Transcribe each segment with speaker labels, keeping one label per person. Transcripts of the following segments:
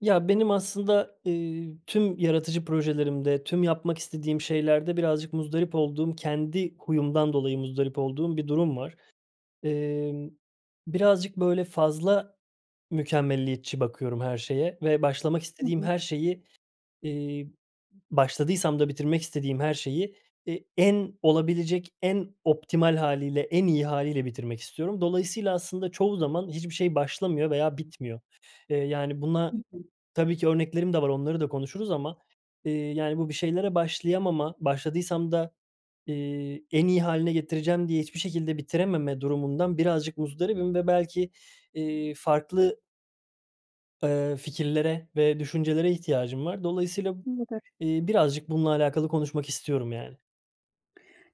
Speaker 1: Ya, benim aslında, eee, tüm yaratıcı projelerimde, tüm yapmak istediğim şeylerde birazcık muzdarip olduğum, kendi huyumdan dolayı muzdarip olduğum bir durum var. Emm, birazcık, böyle, fazla mükemmeliyetçi bakıyorum her şeye ve başlamak
Speaker 2: Hı
Speaker 1: istediğim
Speaker 2: hı.
Speaker 1: her şeyi, eee, başladıysam da bitirmek istediğim her şeyi, e en olabilecek en optimal hâliyle, en iyi hâliyle bitirmek istiyorum. Dolayısıyla aslında çoğu zaman hiçbir şey başlamıyor veya bitmiyor. Eee, yani,
Speaker 2: Hı
Speaker 1: buna
Speaker 2: hı.
Speaker 1: tabii ki örneklerim de var, onları da konuşuruz ama, eee, yani, bu bir şeylere başlayamama, başladıysam da, eee, en iyi hâline getireceğim diye hiçbir şekilde bitirememe durumundan birazcık muzdaribim ve belki, eee, farklı eee, fikirlere ve düşüncelere ihtiyacım var. Dolayısıyla,
Speaker 2: [unintelligible]
Speaker 1: eee, birazcık bununla alakalı konuşmak istiyorum, yani.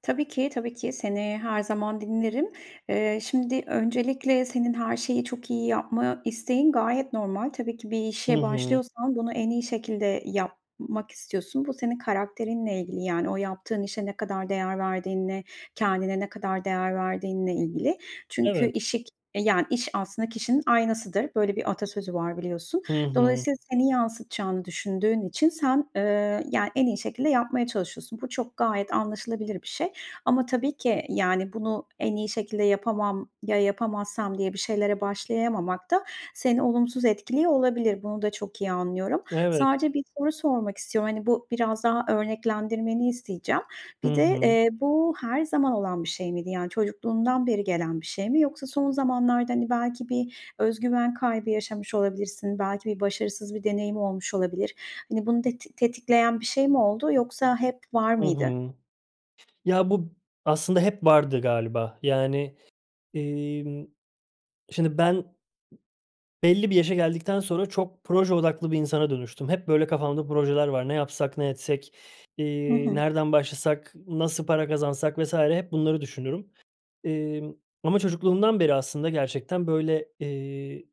Speaker 2: Tabii ki, tabii ki. Seni her zaman dinlerim. Eee, şimdi, öncelikle senin her şeyi çok iyi yapma isteğin gayet normal. Tabii ki bir
Speaker 1: Hı
Speaker 2: işe
Speaker 1: hı.
Speaker 2: başlıyorsan bunu en iyi şekilde yapmak istiyorsun. Bu senin karakterinle ilgili, yani, o yaptığın işe ne kadar değer verdiğinle, kendine ne kadar değer verdiğinle ilgili. Çünkü
Speaker 1: Evet.
Speaker 2: işi k e, yani, iş aslında kişinin aynasıdır. Böyle bir atasözü var biliyorsun.
Speaker 1: Hı hı.
Speaker 2: Dolayısıyla seni yansıtacağını düşündüğün için sen, eee, yani, en iyi şekilde yapmaya çalışıyorsun. Bu çok gayet anlaşılabilir bir şey. Ama tabii ki, yani, "Bunu en iyi şekilde yapamam. Ya yapamazsam." diye bir şeylere başlayamamak da seni olumsuz etkiliyor olabilir. Bunu da çok iyi anlıyorum.
Speaker 1: Evet.
Speaker 2: Sadece 1 soru sormak istiyorum. Hani, bu biraz daha örneklendirmeni isteyeceğim.
Speaker 1: Hı
Speaker 2: Bir de,
Speaker 1: hı.
Speaker 2: eee, bu her zaman olan bir şey miydi? Yani, çocukluğundan beri gelen bir şey mi? Yoksa son zamanlarda, hani, belki bir öz güven kaybı yaşamış olabilirsin, belki bir başarısız bir deneyim olmuş olabilir. Hani, bunu teti tetikleyen bir şey mi oldu yoksa hep var
Speaker 1: I
Speaker 2: mıydı?
Speaker 1: hı. Ya, bu aslında hep vardı galiba, yani, emm, şimdi, ben belli bir yaşa geldikten sonra çok proje odaklı bir insana dönüştüm. Hep, böyle, kafamda projeler var. "Ne yapsak, ne etsek,
Speaker 2: Hı
Speaker 1: iii,
Speaker 2: hı.
Speaker 1: nereden başlasak, nasıl para kazansak?" vs. hep bunları düşünürüm. Emm, ama çocukluğumdan beri aslında gerçekten, böyle, eee,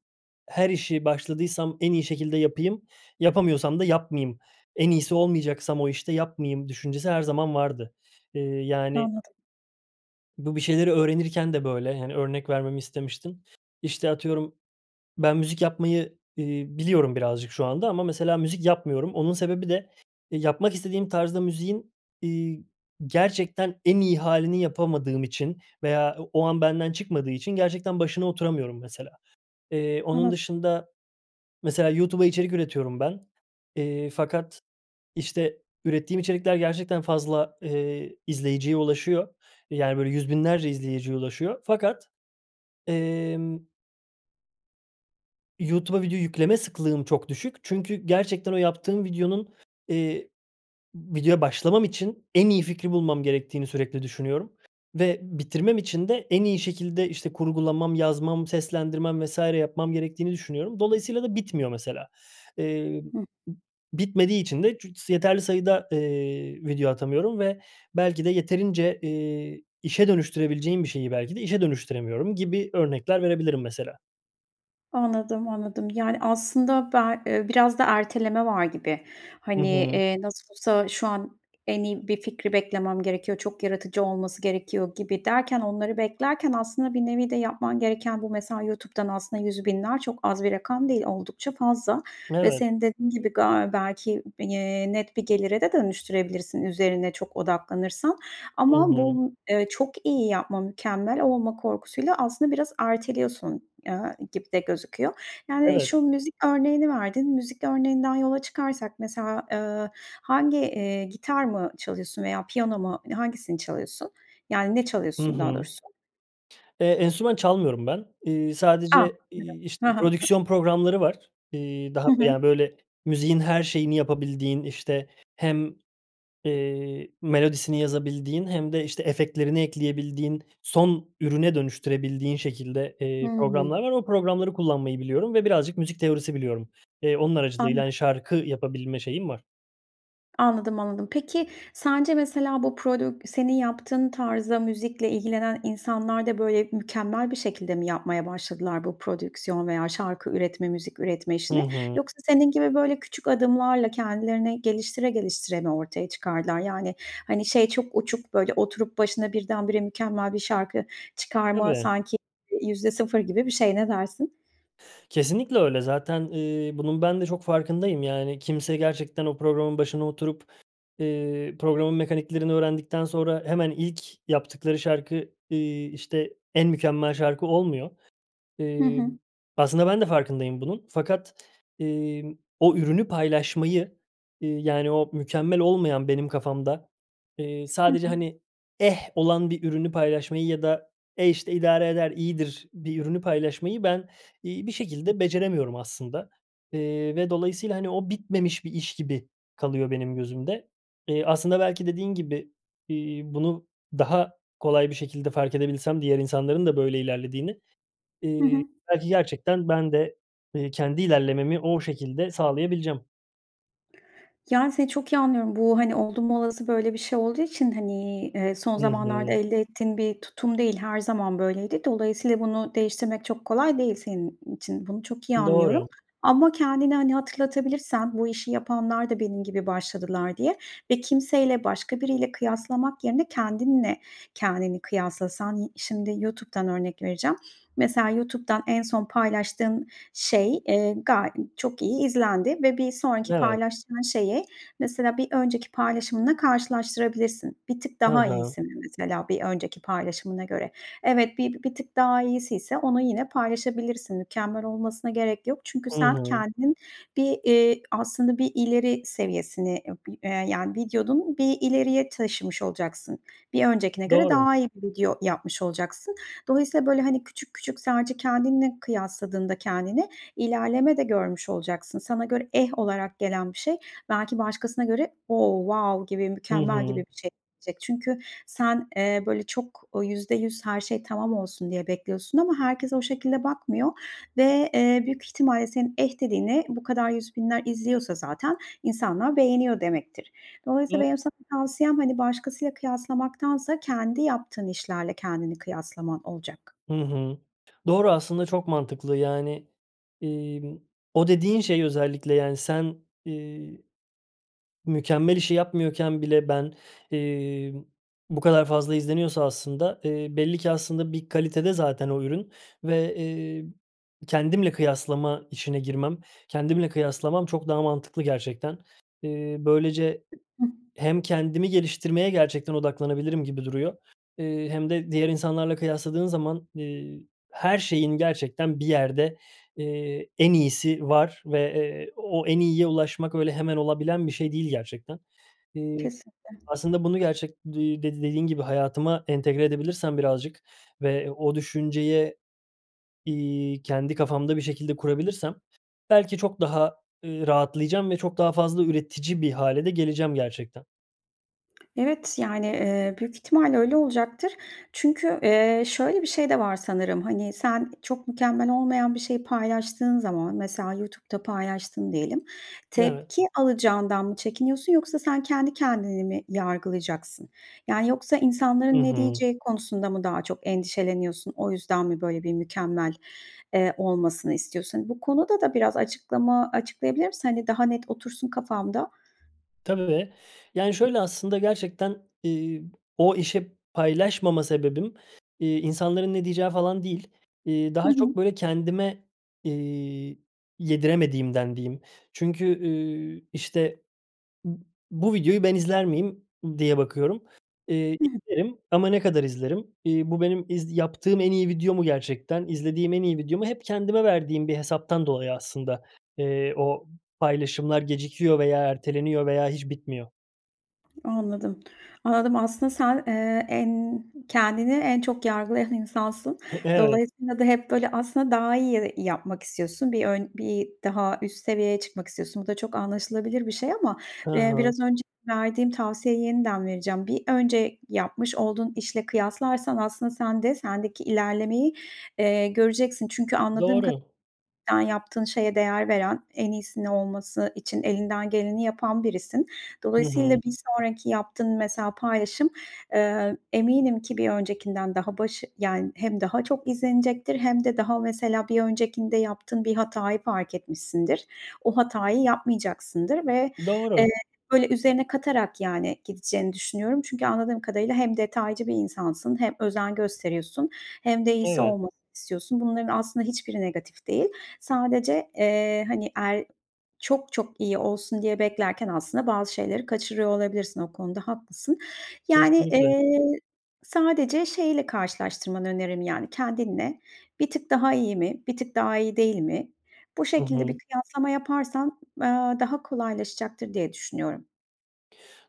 Speaker 1: her işi başladıysam en iyi şekilde yapayım, yapamıyorsam da yapmayayım. En iyisi olmayacaksam o işte, yapmayayım düşüncesi her zaman vardı. Eee, yani
Speaker 2: Anladım.
Speaker 1: bu bir şeyleri öğrenirken de böyle, hani, örnek vermemi istemiştin. İşte, atıyorum, ben müzik yapmayı, eee, biliyorum birazcık şu anda ama mesela müzik yapmıyorum. Onun sebebi de, e, yapmak istediğim tarzda müziğin, iii, gerçekten en iyi hâlini yapamadığım için veya o o an benden çıkmadığı için gerçekten başına oturamıyorum mesela. Eee, onun
Speaker 2: Evet.
Speaker 1: dışında mesela YouTube'a içerik üretiyorum ben, eee, fakat, işte, ürettiğim içerikler gerçekten fazla, eee, izleyiciye ulaşıyor, yani, böyle, yüz binlerce izleyiciye ulaşıyor fakat, emm YouTube'a video yükleme sıklığım çok düşük. Çünkü gerçekten o yaptığım videonun, eee, videoya başlamam için en iyi fikri bulmam gerektiğini sürekli düşünüyorum ve bitirmem için de en iyi şekilde, işte, kurgulamam, yazmam, seslendirmem vs. yapmam gerektiğini düşünüyorum. Dolayısıyla da bitmiyor mesela. Eee,
Speaker 2: Hıh.
Speaker 1: bitmediği için de cücs yeterli sayıda, eee, video atamıyorum ve belki de yeterince, eee, işe dönüştürebileceğim bir şeyi belki de işe dönüştüremiyorum gibi örnekler verebilirim mesela.
Speaker 2: Anladım, anladım. Yani, aslında be ııı, biraz da erteleme var gibi.
Speaker 1: Hı
Speaker 2: Hani,
Speaker 1: hı.
Speaker 2: eee, nasıl olsa şu an en iyi bir fikri beklemem gerekiyor, çok yaratıcı olması gerekiyor gibi derken onları beklerken aslında bir nevi de yapman gereken bu, mesela. YouTube'dan aslında 100.000'ler çok az bir rakam değil oldukça fazla ve
Speaker 1: Evet.
Speaker 2: senin dediğin gibi ga belki, eee, net bir gelire de dönüştürebilirsin üzerine çok odaklanırsan.
Speaker 1: Hı
Speaker 2: Ama
Speaker 1: hı.
Speaker 2: bu, ııı, çok iyi yapma, mükemmel olma korkusuyla aslında biraz erteliyorsun, eee, gibi de gözüküyor. Yani,
Speaker 1: Evet.
Speaker 2: şu müzik örneğini verdin. Müzik örneğinden yola çıkarsak mesela, ııı, hangi, eee, gitar mı çalıyorsun veya piyano mu hani hangisini çalıyorsun? Yani, ne
Speaker 1: Hı
Speaker 2: çalıyorsun
Speaker 1: hı.
Speaker 2: daha doğrusu?
Speaker 1: Eee, enstrüman çalmıyorum ben. Iıı,
Speaker 2: A!
Speaker 1: sadece,
Speaker 2: [unintelligible]
Speaker 1: iii,
Speaker 2: Hı
Speaker 1: işte
Speaker 2: hı. [unintelligible]
Speaker 1: prodüksiyon programları var. İii, daha
Speaker 2: Hı hı.
Speaker 1: ya, böyle müziğin her şeyini yapabildiğin, işte, hem, eee, melodisini yazabildiğin hem de, işte, efektlerini ekleyebildiğin, son ürüne dönüştürebildiğin şekilde, eee,
Speaker 2: Hımm.
Speaker 1: programlar var. O programları kullanmayı biliyorum ve birazcık müzik teorisi biliyorum. Eee, onun aracılığıyla hani
Speaker 2: Anladım.
Speaker 1: şarkı yapabilme şeyim var.
Speaker 2: Anladım, anladım. Peki, sence mesela bu prodük senin yaptığın tarzda müzikle ilgilenen insanlar da, böyle, mükemmel bir şekilde mi yapmaya başladılar bu prodüksiyon veya şarkı üretme, müzik üretme
Speaker 1: Hı
Speaker 2: işini?
Speaker 1: hı.
Speaker 2: Yoksa senin gibi böyle küçük adımlarla kendilerini geliştire geliştire mi ortaya çıkardılar? Yani, hani, şey çok uçuk, böyle, oturup başına birdenbire mükemmel bir şarkı çıkarma
Speaker 1: Tabii.
Speaker 2: sanki %0 gibi bir şey. Ne dersin?
Speaker 1: Kesinlikle öyle. Zaten, ııı, bunun ben de çok farkındayım, yani, kimse gerçekten o programın başına oturup, eee, programın mekaniklerini öğrendikten sonra hemen ilk yaptıkları şarkı, ııı, işte, en mükemmel şarkı olmuyor.
Speaker 2: Hı
Speaker 1: Iıı,
Speaker 2: hı.
Speaker 1: aslında ben de farkındayım bunun fakat, ııı, o ürünü paylaşmayı, ııı, yani, o mükemmel olmayan benim kafamda, ııı,
Speaker 2: Hı
Speaker 1: sadece,
Speaker 2: hı.
Speaker 1: hani, eh, olan bir ürünü paylaşmayı ya da, eh işte, idare eder, iyidir bir ürünü paylaşmayı ben, iii, bir şekilde beceremiyorum aslında. Eee, ve dolayısıyla, hani, o bitmemiş bir iş gibi kalıyor benim gözümde. Eee, aslında belki dediğin gibi, iii, bunu daha kolay bir şekilde farkedebilsem diğer insanların da böyle ilerlediğini,
Speaker 2: Hı
Speaker 1: ııı,
Speaker 2: hı.
Speaker 1: belki gerçekten ben de, eee, kendi ilerlememi o şekilde sağlayabileceğim.
Speaker 2: Yani, seni çok iyi anlıyorum. Bu, hani, oldum olası böyle bir şey olduğu için, hani, eee, son
Speaker 1: Hı
Speaker 2: zamanlarda
Speaker 1: hı.
Speaker 2: elde ettiğin bir tutum değil her zaman böyleydi. Dolayısıyla bunu değiştirmek çok kolay değil senin için. Bunu çok iyi anlıyorum.
Speaker 1: Doğru.
Speaker 2: Ama kendine, hani, hatırlatabilirsen bu işi yapanlar da benim gibi başladılar, diye ve kimseyle başka biriyle kıyaslamak yerine kendinle kendini kıyaslasan. Y şimdi YouTube'dan örnek vereceğim. Mesela, YouTube'dan en son paylaştığın şey, eee, ga çok iyi izlendi ve bir sonraki
Speaker 1: Evet.
Speaker 2: paylaştığın şeyi, mesela, bir önceki paylaşımınla karşılaştırabilirsin. Bir tık
Speaker 1: Hı
Speaker 2: daha
Speaker 1: hı.
Speaker 2: iyisin, mesela, bir önceki paylaşımına göre. Evet, bi bir tık daha iyisiyse onu yine paylaşabilirsin. Mükemmel olmasına gerek yok çünkü
Speaker 1: Hı
Speaker 2: sen,
Speaker 1: hı.
Speaker 2: kendin bir, eee, aslında bir ileri seviyesini, eee, bir, eee, yani, videonu bir ileriye taşımış olacaksın. Bir öncekine göre
Speaker 1: Doğru.
Speaker 2: daha iyi bir video yapmış olacaksın. Dolayısıyla böyle, hani, küçük küçük sadece kendinle kıyasladığında kendini ilerleme de görmüş olacaksın. Sana göre eh olarak gelen bir şey belki başkasına göre o wow gibi,
Speaker 1: Hı
Speaker 2: mükemmel gibi
Speaker 1: hı.
Speaker 2: bir şey gelecek. Çünkü sen, eee, böyle çok, ooo, %100 her şey tamam olsun diye bekliyorsun ama herkes o şekilde bakmıyor ve, eee, büyük ihtimalle senin eh dediğini bu kadar yüz binler izliyorsa zaten insanlar beğeniyor demektir.
Speaker 1: Do
Speaker 2: Dolayısıyla benim sana tavsiyem, hani, başkasıyla kıyaslamaktansa kendi yaptığın işlerle kendini kıyaslaman olacak.
Speaker 1: Hı hı. Doğru, aslında çok mantıklı. Yani, emm, o dediğin şey özellikle, yani, sen, ııı, mükemmel işi yapmıyorken bile ben, eee, bu kadar fazla izleniyorsa aslında, eee, belli ki aslında bir kalitede zaten o ürün ve, eee, kendimle kıyaslama işine girmem, kendimle kıyaslamam çok daha mantıklı gerçekten. Eee, böylece
Speaker 2: Hıh.
Speaker 1: hem kendimi geliştirmeye gerçekten odaklanabilirim gibi duruyor, eee, hem de diğer insanlarla kıyasladığın zaman, eee, her şeyin gerçekten bir yerde, eee, en iyisi var ve, eee, o en iyiye ulaşmak öyle hemen olabilen bir şey değil gerçekten. Eee,
Speaker 2: Kesinlikle.
Speaker 1: aslında bunu gerçek d eee, dedi dediğin gibi hayatıma entegre edebilirsem birazcık ve o düşünceye, iii, kendi kafamda bir şekilde kurabilirsem belki çok daha, ııı, rahatlayacağım ve çok daha fazla üretici bir hâle de geleceğim gerçekten.
Speaker 2: Evet yani, eee, büyük ihtimalle öyle olacaktır. Çünkü, eee, şöyle bir şey de var sanırım. Hani, sen çok mükemmel olmayan bir şeyi paylaştığın zaman mesela YouTube'da paylaştın diyelim,
Speaker 1: Evet.
Speaker 2: tepki alacağından mı çekiniyorsun yoksa sen kendi kendini mi yargılayacaksın? Yani, yoksa
Speaker 1: Hı
Speaker 2: insanların ne
Speaker 1: hı.
Speaker 2: diyeceği konusunda mı daha çok endişeleniyorsun? O yüzden mi böyle bir mükemmel, eee, olmasını istiyorsun? Hani, bu konuda da biraz açıklama açıklayabilir misin? Hani daha net otursun kafamda.
Speaker 1: Tabii, yani, şöyle aslında gerçekten, iii, o işe paylaşmama sebebim, iii, insanların ne diyeceği falan değil. İii,
Speaker 2: Hı
Speaker 1: daha
Speaker 2: hı.
Speaker 1: çok böyle kendime, iii, yediremediğimden diyeyim. Çünkü, ııı, işte b bu videoyu ben izler miyim diye bakıyorum, iii,
Speaker 2: Hı hı.
Speaker 1: izlerim ama ne kadar izlerim? İii, bu benim iz yaptığım en iyi video mu gerçekten, izlediğim en iyi video mu? Hep kendime verdiğim bir hesaptan dolayı aslında, eee, o paylaşımlar gecikiyor veya erteleniyor veya hiç bitmiyor.
Speaker 2: Anladım. Anladım aslında sen, eee, en kendini en çok yargılayan insansın.
Speaker 1: Pı evet.
Speaker 2: Dolayısıyla da hep böyle aslında daha iyi ye yapmak istiyorsun. Bir ön bir daha üst seviyeye çıkmak istiyorsun. Bu da çok anlaşılabilir bir şey ama,
Speaker 1: Ha
Speaker 2: eee, biraz
Speaker 1: ha.
Speaker 2: önce verdiğim tavsiyeyi yeniden vereceğim. Bir önce yapmış olduğun işle kıyaslarsan aslında sen de sendeki ilerlemeyi, eee, göreceksin. Çünkü anladığım ka
Speaker 1: Doğru.
Speaker 2: yani, yaptığın şeye değer veren, en iyisini olması için elinden geleni yapan birisin.
Speaker 1: Hı
Speaker 2: Dolayısıyla
Speaker 1: hı.
Speaker 2: bir sonraki yaptığın mesela paylaşım, eee, eminim ki bir öncekinden daha başı yani hem daha çok izlenecektir hem de daha mesela bir öncekinde yaptığın bir hatayı fark etmişsindir. O hatayı yapmayacaksındır ve, eee,
Speaker 1: Doğru.
Speaker 2: böyle üzerine katarak yani gideceğini düşünüyorum. Çünkü anladığım kadarıyla hem detaycı bir insansın hem özen gösteriyorsun hem de iyisi
Speaker 1: Evet.
Speaker 2: olmasını istiyorsun. Bunların aslında hiçbiri negatif değil. Sadece, eee, hani el çok çok iyi olsun diye beklerken aslında bazı şeyleri kaçırıyor olabilirsin o konuda haklısın. Yani,
Speaker 1: Kesinlikle.
Speaker 2: eee, sadece şeyiyle karşılaştırmanı öneririm, yani, kendinle, bir tık daha iyi mi, bir tık daha iyi değil mi bu
Speaker 1: Hı
Speaker 2: şekilde
Speaker 1: hı.
Speaker 2: bir kıyaslama yaparsan, aaa, daha kolaylaşacaktır diye düşünüyorum.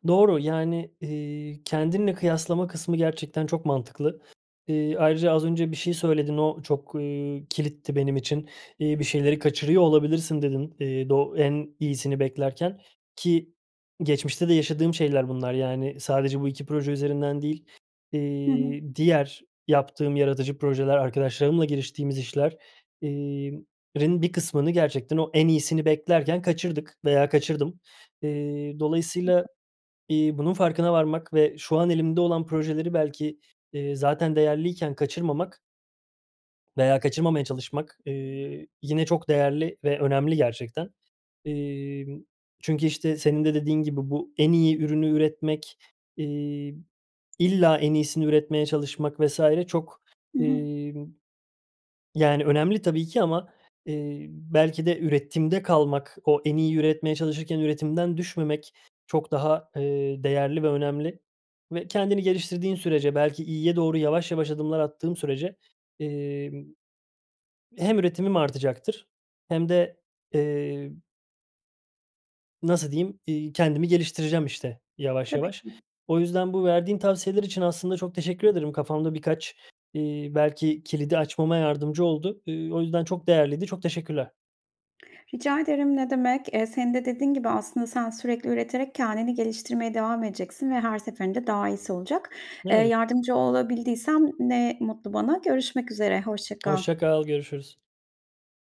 Speaker 1: Doğru. Yani, iii, kendinle kıyaslama kısmı gerçekten çok mantıklı. İii, ayrıca az önce bir şey söyledin, o çok, iii, kilitti benim için, iii, bir şeyleri kaçırıyor olabilirsin dedin, iii, doğ en iyisini beklerken ki geçmişte de yaşadığım şeyler bunlar. Yani, sadece bu 2 proje üzerinden değil,
Speaker 2: Hı hı.
Speaker 1: iii, diğer yaptığım yaratıcı projeler, arkadaşlarımla giriştiğimiz işler, iii, rin bir kısmını gerçekten o en iyisini beklerken kaçırdık veya kaçırdım. İii, dolayısıyla,
Speaker 2: [unintelligible]
Speaker 1: iii, bunun farkına varmak ve şu an elimde olan projeleri belki, iii, zaten değerliyken kaçırmamak veya kaçırmamaya çalışmak, iii, yine çok değerli ve önemli gerçekten. İii, çünkü işte senin de dediğin gibi bu en iyi ürünü üretmek, iii, illa en iyisini üretmeye çalışmak vs. çok,
Speaker 2: Hı hı.
Speaker 1: iii, yani, önemli tabii ki ama, iii, belki de üretimde kalmak, o en iyi üretmeye çalışırken üretimden düşmemek çok daha, ııı, değerli ve önemli ve kendini geliştirdiğin sürece, belki iyiye doğru yavaş yavaş adımlar attığım sürece, imm, hem üretimim artacaktır hem de, eee nasıl diyeyim, iii, kendimi geliştireceğim işte yavaş
Speaker 2: Tabii
Speaker 1: yavaş.
Speaker 2: ki.
Speaker 1: O yüzden bu verdiğin tavsiyeler için aslında çok teşekkür ederim. Kafamda birkaç, iii, belki kilidi açmama yardımcı oldu. İii, o yüzden çok değerliydi. Çok teşekkürler.
Speaker 2: Rica ederim ne demek. Eee, senin de dediğin gibi aslında sen sürekli üreterek kendini geliştirmeye devam edeceksin ve her seferinde daha iyisi olacak. Eee,
Speaker 1: Evet.
Speaker 2: yardımcı olabildiysem ne mutlu bana. Görüşmek üzere, hoşça kal.
Speaker 1: Hoşça kal. Görüşürüz.